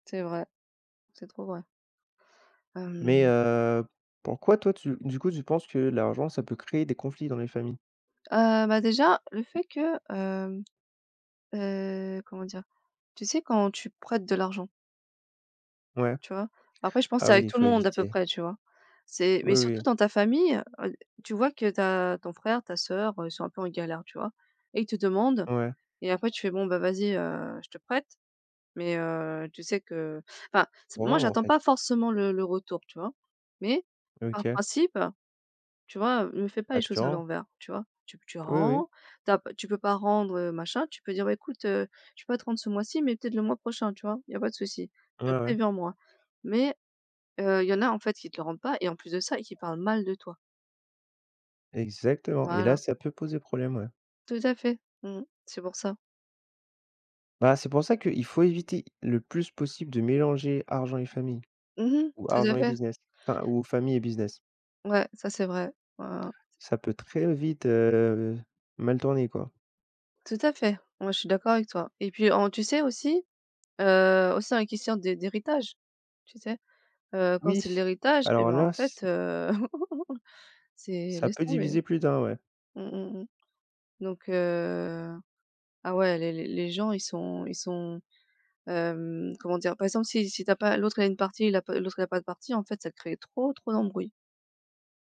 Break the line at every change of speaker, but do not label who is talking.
C'est vrai! C'est trop vrai!
Mais
Hem
heu, pourquoi, toi, tu du coup, tu penses que l'argent ça peut créer des conflits dans les familles?
Heu, bah, déjà, le fait que, hem, heu, comment dire? Tu sais? Quand tu prêtes de l'argent.
Ouais?
Tu vois? Après, je pense
Ah
c'est
oui!
avec
Il
tout le
faut
monde à peu
éviter.
près. Tu vois? C'est
Oui,
mais surtout
oui.
dans ta famille, heu heu, tu vois que tu as ton frère, ta sœur, heu, ils sont un peu en galère, tu vois et ils te demandent
Ouais.
et après, tu fais: «Bon, vas-y, heu, je te prête mais, heu, tu sais que enfin, s moi
Rendre en
j'attends
fait.
pas forcément le le retour, tu vois mais, par
OK.
principe, tu vois, heu, me fais pas
Bah,
les
que tu
choses à
rend!
l'envers!», tu vois, tu tu
Oui, oui.
rends, ta tu peux pas rendre, heu, machin, tu peux dire: «Beh, écoute, heu, je peux pas te rendre ce mois-ci, mais peut-être le mois prochain», tu vois, «Il y a pas de soucis
Ouais,
mais
ouais.
préviens moi!» mais heu, il y en a, en fait, ils te le rendent pas et en plus de ça et qui parlent mal de toi!
Exactement! Et là,
Voilà!
ça peut poser problème. Ouais.
Tout à fait! Mmh mh, c'est pour ça.
Bah, c'est pour ça qu'il faut éviter le plus possible de mélanger argent et famille
Mmh mh!
ou
Tout
argent
à
et
fait!
business, enfin, ou famille et business.
Ouais. Ca c'est vrai! Hein, hein, hein.
Ça peut très vite, heu, mal tourner, quoi.
Tout à fait! Moi, je suis d'accord avec toi et puis en tu sais aussi, heu, aussi dans la question d d'héritage, tu sais, heu, quand
Oui!
c'est l'héritage, et
Alors
bah en
là, c
fait, heu, c'est
ça
laisse
peut
tomber, hein!
diviser plus d'un. Ouais.
Mmh mh, mmh, donc heu, ah ouais! Les les les gens ils sont ils sont, hem, comment dire? Par exemple, si si tu as pas, l'autre, il a une partie, la p l'autre, il a pas de partie, en fait, ça crée trop, trop d'embrouilles.